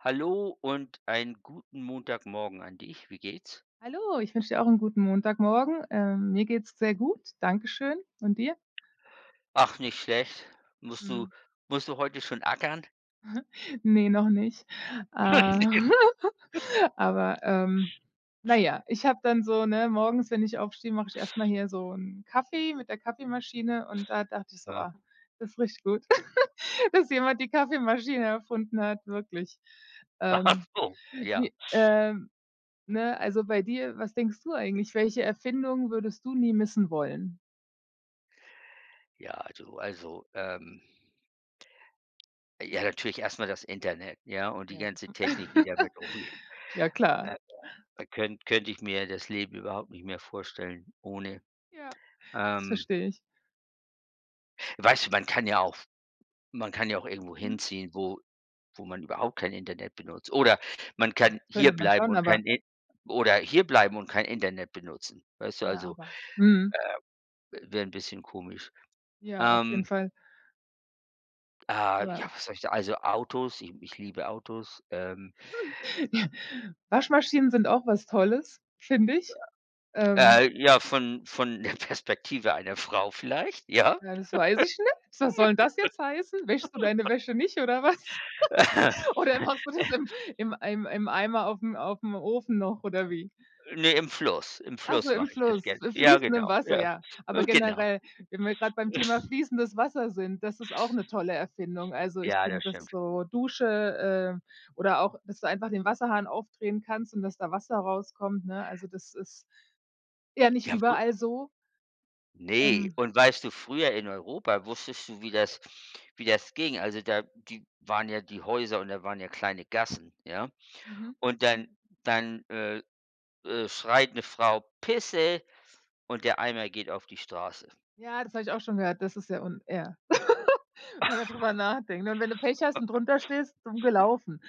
Hallo und einen guten Montagmorgen an dich. Wie geht's? Hallo, ich wünsche dir auch 'n guten Montagmorgen. Ähm, mir geht's sehr gut, danke schön. Und dir? Ach, nicht schlecht. Musst du Mhm. musst du heute schon ackern? Ne, noch nicht. Äh, aber, ähm, na ja, ich habe dann so ne, morgens, wenn ich aufstehe, mache ich erst mal hier so 'n Kaffee mit der Kaffeemaschine und da dachte ich so: Aha. „Oh, das richtig gut, dass jemand die Kaffeemaschine erfunden hat, wirklich.“ Ach Ähm, so, ja. die ähm, ne, also bei dir, was denkst du eigentlich, welche Erfindung würdest du nie missen wollen? Ja, also also, ähm ja natürlich erst mal das Internet, ja, und die Ja, das, ganze Technik, die damit umgeht. ja, klar. Äh, könnte könnte ich mir das Leben überhaupt nicht mehr vorstellen ohne. Ja, das Ähm verstehe ich. Weißt du, man kann ja auch f man kann ja auch irgendwo Mhm. hinziehen, wo wo man überhaupt kein Internet benutzt, oder, man Ja, kann das könnte man hierbleiben schon, und kein aber In oder, hierbleiben und kein Internet benutzen. Weißt du, Ja, also, aber mhm. äh, w wär 'n bisschen komisch. Ja, auf jeden Ähm Fall. Ah, Ja. ja, was soll ich da Also Autos, ich ich liebe Autos. Ähm Waschmaschinen sind auch was Tolles, finde ich. Ähm Äh, ja, von von der Perspektive einer Frau vielleicht, ja. Ja, das weiß ich nicht, was soll 'n das jetzt heißen? Wäschst du deine Wäsche nicht oder was? Oder machst du das im im Eim im Eimer auf'm auf'm Ofen noch oder wie? Ne, im Fluss. Im Ach so, Fluss im mache ich das Fluss, gern. im Ja, fließenden genau. Wasser, Ja, ja. Aber ganz genau. generell, wenn wir grad beim Thema fließendes Wasser sind, das ist auch 'ne tolle Erfindung, also ich Ja, finde, das dass stimmt. so Dusche, äh, oder auch, dass du einfach den Wasserhahn aufdrehen kannst und, dass da Wasser rauskommt, ne, also das ist ja nicht Ja wo überall so. Ne, Ähm. und weißt du, früher in Europa wusstest du, wie das wie das ging. Also da, die waren ja die Häuser und da waren ja kleine Gassen, ja, Mhm. und dann dann, äh, äh, schreit 'ne Frau: „Pisse", und der Eimer geht auf die Straße. Ja, das habe ich auch schon gehört. Das ist sehr un Ja, wenn man da drüber nachdenkt, ne, und wenn du Pech hast und drunterstehst, dumm gelaufen.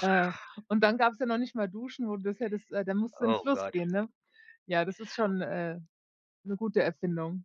Äh, und dann gab's ja noch nicht mal Duschen, wo du das hättest äh, da musst du in 'n Oh Fluss Gott. gehen, ne? Ja, das ist schon, äh, 'ne gute Erfindung.